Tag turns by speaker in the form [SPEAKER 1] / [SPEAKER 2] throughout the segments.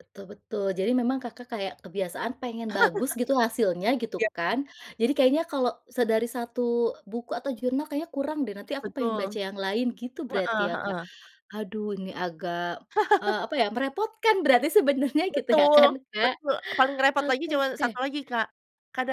[SPEAKER 1] Betul betul. Jadi memang, Kakak, kayak, kebiasaan pengen bagus gitu, hasilnya, gitu
[SPEAKER 2] Iya baik.
[SPEAKER 1] kan. Jadi kayaknya, kalau se dari 1 buku atau jurnal kayaknya kurang deh, nanti aku pengen baca
[SPEAKER 2] Betul.
[SPEAKER 1] yang lain, gitu berarti
[SPEAKER 2] Heeh
[SPEAKER 1] ya, Kak.
[SPEAKER 2] heeh.
[SPEAKER 1] Aduh! Ini agak, eee, apa ya merepotkan berarti sebenarnya, gitu ya
[SPEAKER 2] Betul,
[SPEAKER 1] kan, Kak.
[SPEAKER 2] betul, paling repot lagi
[SPEAKER 1] Oke
[SPEAKER 2] cuma satu
[SPEAKER 1] oke.
[SPEAKER 2] lagi, Kak,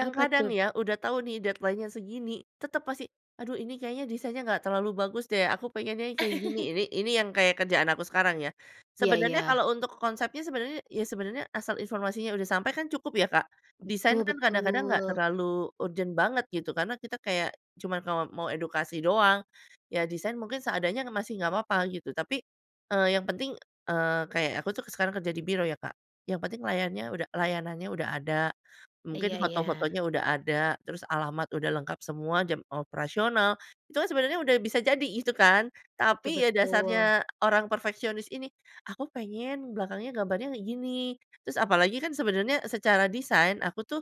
[SPEAKER 1] Apa tuh?
[SPEAKER 2] ya, udah tau nih, deadline-nya segini. Tetep pasti, aduh ini kayaknya desainnya nggak terlalu bagus deh, aku pengennya yang kayak gini. Ini ini yang kayak kerjaan aku sekarang ya.
[SPEAKER 1] Iya
[SPEAKER 2] Sebenarnya
[SPEAKER 1] iya.
[SPEAKER 2] kalau untuk konsepnya, sebenarnya ya sebenarnya asal informasinya udah sampai, kan cukup ya, Kak? Desain
[SPEAKER 1] Betul
[SPEAKER 2] kan kadang-kadang nggak
[SPEAKER 1] betul.
[SPEAKER 2] terlalu urgent banget gitu. Karena kita kayak, cuman ka mau edukasi doang. Ya desain mungkin seadanya, kan masih gak papa, gitu. Tapi, eee, yang penting, eee, kayak aku tuh, sekarang kerja di biro ya, Kak, yang penting layannya uda layanannya udah ada, mungkin
[SPEAKER 1] Iya iya.
[SPEAKER 2] foto-fotonya udah ada, terus alamat udah lengkap, semua jam operasional. Itu kan sebenarnya udah bisa jadi itu kan.
[SPEAKER 1] Betul
[SPEAKER 2] Tapi, ya
[SPEAKER 1] betul.
[SPEAKER 2] dasarnya orang perfeksionis ini. Aku pengen belakangnya gambarnya kayak gini, terus apalagi kan sebenarnya secara desain, aku tuh,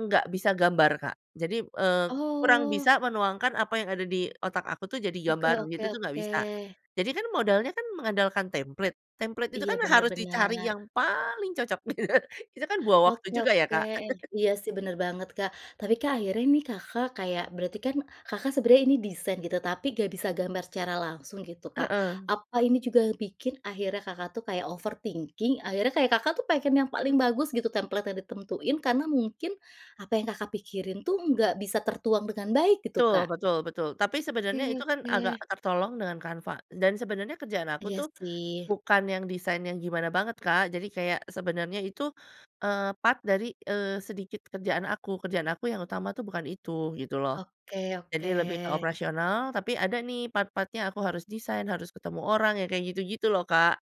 [SPEAKER 2] nggak bisa gambar, Kak. Jadi, eee, kurang
[SPEAKER 1] Oh.
[SPEAKER 2] bisa menuangkan apa yang ada di otak aku tuh, jadi
[SPEAKER 1] Oke
[SPEAKER 2] gambar,
[SPEAKER 1] oke
[SPEAKER 2] gitu tuh nggak
[SPEAKER 1] oke.
[SPEAKER 2] bisa. Jadi kan, modalnya kan, mengandalkan template. Template itu
[SPEAKER 1] Iya,
[SPEAKER 2] kan
[SPEAKER 1] benar
[SPEAKER 2] harus dicari
[SPEAKER 1] benar.
[SPEAKER 2] yang paling cocok. Itu kan buang waktu
[SPEAKER 1] Oke
[SPEAKER 2] juga ya,
[SPEAKER 1] oke.
[SPEAKER 2] Kak?
[SPEAKER 1] Iya sih, bener banget, Kak. Tapi Kak, akhirnya nih, Kakak, kayak, berarti kan, Kakak, sebenarnya ini desain, gitu. Tapi nggak bisa gambar secara langsung, gitu, Kak.
[SPEAKER 2] Heeh.
[SPEAKER 1] Apa ini juga bikin, akhirnya, Kakak, tuh kayak overthinking. Akhirnya, Kakak, tuh, pengen yang paling
[SPEAKER 2] Hmm.
[SPEAKER 1] bagus gitu template yang ditentuin karena mungkin, apa yang, Kakak, pikirin tuh, nggak bisa tertuang dengan baik, gitu, Kak?
[SPEAKER 2] Betul betul betul. Tapi
[SPEAKER 1] Oke
[SPEAKER 2] sebenarnya itu kan, agak
[SPEAKER 1] oke.
[SPEAKER 2] tertolong dengan Canva, dan sebenarnya kerjaan aku
[SPEAKER 1] Iya
[SPEAKER 2] tuh,
[SPEAKER 1] sih.
[SPEAKER 2] bukan yang desainnya gimana banget, Kak. Jadi kayak, sebenarnya itu, eee, part dari, eee, sedikit kerjaan aku. Kerjaan aku yang utama tuh bukan itu, gitu loh.
[SPEAKER 1] Oke
[SPEAKER 2] Jadi
[SPEAKER 1] oke.
[SPEAKER 2] lebih ke operasional, tapi ada nih, part-part-nya aku harus desain, harus ketemu orang, ya kayak gitu-gitu loh, Kak.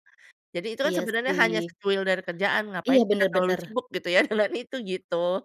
[SPEAKER 2] Jadi itu kan
[SPEAKER 1] Iya
[SPEAKER 2] sebenarnya hanya
[SPEAKER 1] sih.
[SPEAKER 2] secuil dari kerjaan,
[SPEAKER 1] Iya,
[SPEAKER 2] ngapain kita
[SPEAKER 1] benar
[SPEAKER 2] terlalu
[SPEAKER 1] benar.
[SPEAKER 2] sibuk, gitu ya, dengan itu, gitu.